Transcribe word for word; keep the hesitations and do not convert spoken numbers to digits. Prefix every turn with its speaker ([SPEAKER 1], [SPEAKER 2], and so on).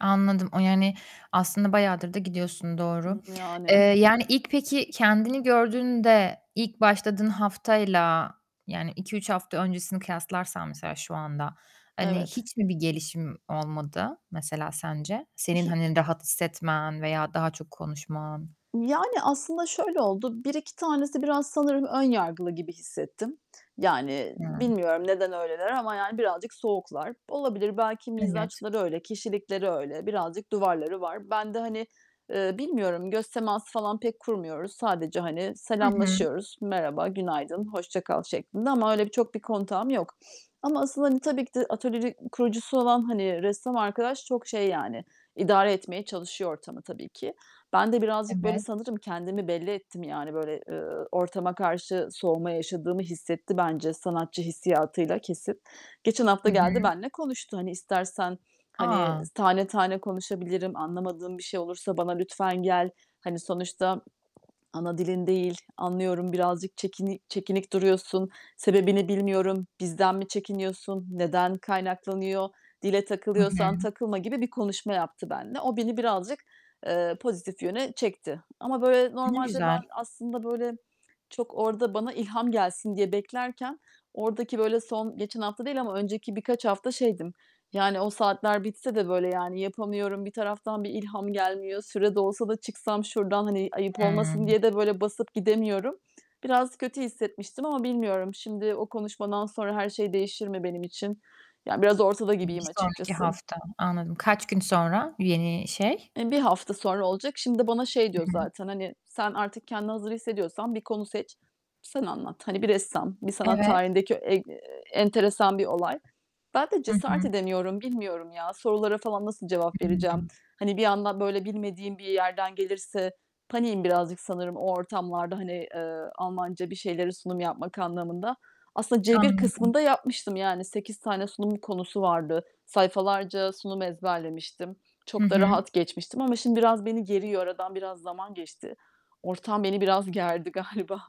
[SPEAKER 1] Anladım. O, yani, aslında bayağıdır da gidiyorsun, doğru.
[SPEAKER 2] Iıı, yani.
[SPEAKER 1] Eee, yani, ilk peki kendini gördüğünde, ilk başladığın haftayla, yani, iki üç hafta öncesini kıyaslarsan mesela şu anda, hani,
[SPEAKER 2] Evet.
[SPEAKER 1] hiç mi bir gelişim olmadı mesela sence? Senin,
[SPEAKER 2] İşi
[SPEAKER 1] hani, rahat hissetmen veya daha çok konuşman.
[SPEAKER 2] Yani aslında şöyle oldu: Bir iki tanesi biraz sanırım ön yargılı gibi hissettim. Yani
[SPEAKER 1] [unintelligible]
[SPEAKER 2] bilmiyorum neden öyleler ama yani birazcık soğuklar. Olabilir, belki
[SPEAKER 1] Evet.
[SPEAKER 2] mizaçları öyle, kişilikleri öyle. Birazcık duvarları var. Ben de, hani, eee, bilmiyorum, göz teması falan pek kurmuyoruz. Sadece, hani,
[SPEAKER 1] Hı hı.
[SPEAKER 2] selamlaşıyoruz, "Merhaba, günaydın, hoşça kal." şeklinde. Ama öyle bir çok bir kontağım yok. Ama asıl, hani tabii ki de atölyeri kurucusu olan, hani, ressam arkadaş çok şey yani, idare etmeye çalışıyor ortamı tabii ki. Ben de birazcık, böyle,
[SPEAKER 1] Evet.
[SPEAKER 2] sanırım kendimi belli ettim. Yani, böyle, ııı, ortama karşı soğuma yaşadığımı hissetti bence sanatçı hissiyatıyla, kesin. Geçen hafta
[SPEAKER 1] Hı
[SPEAKER 2] geldi,
[SPEAKER 1] hı.
[SPEAKER 2] benimle konuştu. "Hani, istersen, hani,
[SPEAKER 1] A!
[SPEAKER 2] tane tane konuşabilirim, anlamadığın bir şey olursa bana lütfen gel. Hani, sonuçta ana dilin değil, anlıyorum, birazcık çekini çekinik duruyorsun. Sebebini bilmiyorum, bizden mi çekiniyorsun, neden kaynaklanıyor? Dile
[SPEAKER 1] Hı
[SPEAKER 2] takılıyorsan,
[SPEAKER 1] hı.
[SPEAKER 2] takılma." gibi bir konuşma yaptı benimle. O beni birazcık, eee, pozitif yöne çekti. Ama böyle
[SPEAKER 1] Ne
[SPEAKER 2] normalde,
[SPEAKER 1] güzel!
[SPEAKER 2] ben aslında, böyle, çok orada bana ilham gelsin diye beklerken, oradaki, böyle, son geçen hafta değil ama önceki birkaç hafta şeydim: Yani o saatler bitse de, böyle, yani yapamıyorum bir taraftan, bir ilham gelmiyor. Süre dolsa da çıksam şuradan, hani ayıp olmasın
[SPEAKER 1] Hıı.
[SPEAKER 2] diye de böyle basıp gidemiyorum. Biraz kötü hissetmiştim ama bilmiyorum, şimdi o konuşmadan sonra her şey değişir mi benim için? Ya, biraz ortada gibiyim
[SPEAKER 1] Bir sonraki
[SPEAKER 2] açıkçası.
[SPEAKER 1] hafta. Anladım. Kaç gün sonra bu yeni şey?
[SPEAKER 2] Eee, bir hafta sonra olacak. Şimdi bana şey
[SPEAKER 1] I
[SPEAKER 2] diyor
[SPEAKER 1] hı.
[SPEAKER 2] zaten: "Hani, sen artık kendini hazır hissediyorsan, bir konu seç, sen anlat. Hani, bir ressam, bir sanat
[SPEAKER 1] Evet.
[SPEAKER 2] tarihindeki eee enteresan bir olay." Ben de
[SPEAKER 1] Hı
[SPEAKER 2] cesaret
[SPEAKER 1] hı.
[SPEAKER 2] edemiyorum. Bilmiyorum ya, sorulara falan nasıl cevap vereceğim.
[SPEAKER 1] Hıı.
[SPEAKER 2] Hani bir anda böyle bilmediğim bir yerden gelirse paniğim birazcık sanırım o ortamlarda, hani, eee, Almanca bir şeyleri sunum yapmak anlamında. Aslında C1
[SPEAKER 1] Anladım.
[SPEAKER 2] kısmında yapmıştım yani, sekiz tane sunum konusu vardı. Sayfalarca sunum ezberlemiştim,
[SPEAKER 1] Hı
[SPEAKER 2] çok da
[SPEAKER 1] hı.
[SPEAKER 2] rahat geçmiştim ama şimdi biraz beni geriyor. Aradan biraz zaman geçti, ortam beni biraz gerdi galiba.